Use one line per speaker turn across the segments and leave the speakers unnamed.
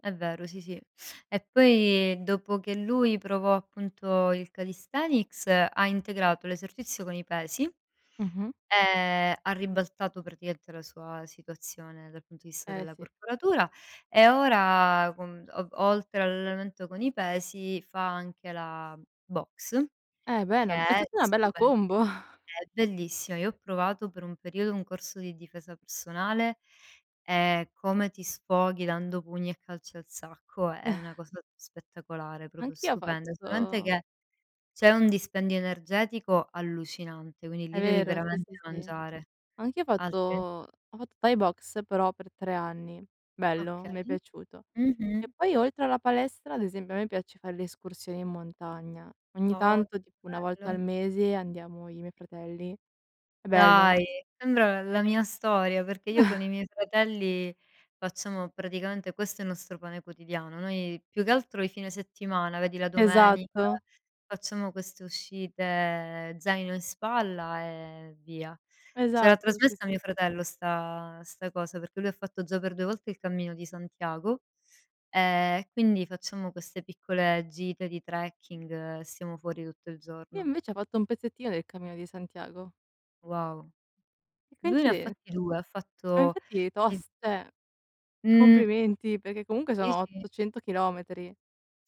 È vero, sì, sì. E poi dopo che lui provò appunto il calisthenics ha integrato l'esercizio con i pesi,
Mh-mh.
ehm, ha ribaltato praticamente la sua situazione dal punto di vista
Eh
della
sì.
corporatura e ora, con o oltre all'allenamento con i pesi, fa anche la boxe,
Eh
che
bene, è
è
tutta una bella
stupe
combo.
è bellissima. Io ho provato per un periodo un corso di difesa personale, e come ti sfoghi, dando pugni e calci al sacco è una cosa spettacolare, proprio
Anch'io ho
stupenda. Solamente
fatto
che c'è un dispendio energetico allucinante, quindi
È
lì devi
vero, sì,
veramente
sì, sì.
mangiare,
Anch'io ho fatto
altrimenti
ho fatto thai boxe, però per 3 anni. Bello, m'è
Okay.
piaciuto. E
Mh-mh.
poi oltre alla palestra, ad esempio a me piace fare le escursioni in montagna. Ogni
Oh che
tanto, tipo 1
bello!
volta al
Anch'io.
mese andiamo i miei fratelli. È bello.
Dai, sembra l la mia storia, perché io con i miei fratelli facciamo praticamente questo è il nostro pane quotidiano. Noi più che altro i fine settimana, vedi, la domenica,
Esatto.
facciamo queste uscite zaino in spalla e via. Ce l'ha
Esatto, sì,
trasmessa
sì.
mio fratello 'sta 'sta cosa, perché lui ha fatto già per 2 volte il cammino di Santiago, ehm, e quindi facciamo queste piccole gite di trekking e stiamo fuori tutto il
Io
giorno.
invece ho fatto un pezzettino del cammino di Santiago.
Wow.
Che
Lui ne
coincide
fatti 2, ha
Ma
fatto
infatti
il
tost cioè,
Mh.
complimenti, perché comunque
Sì,
sono
sì.
800 chilometri.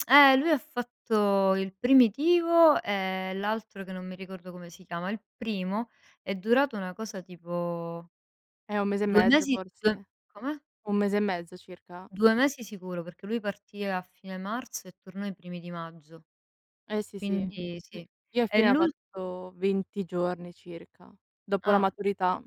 Eh, lui ha fatto il primitivo e l'altro che non mi ricordo come si chiama. Il primo è durato una cosa tipo
Eh, 1 mese e
2
mezzo
mesi 2
forse?
come?
1 mese e mezzo circa?
2 mesi sicuro, perché lui partì a fine marzo e tornò i primi di maggio.
Eh sì, sì. Ehm,
Quindi
ni
sì.
io a
E
fine ha
l'ul
fatto 20 giorni circa, dopo la
Ah.
maturità.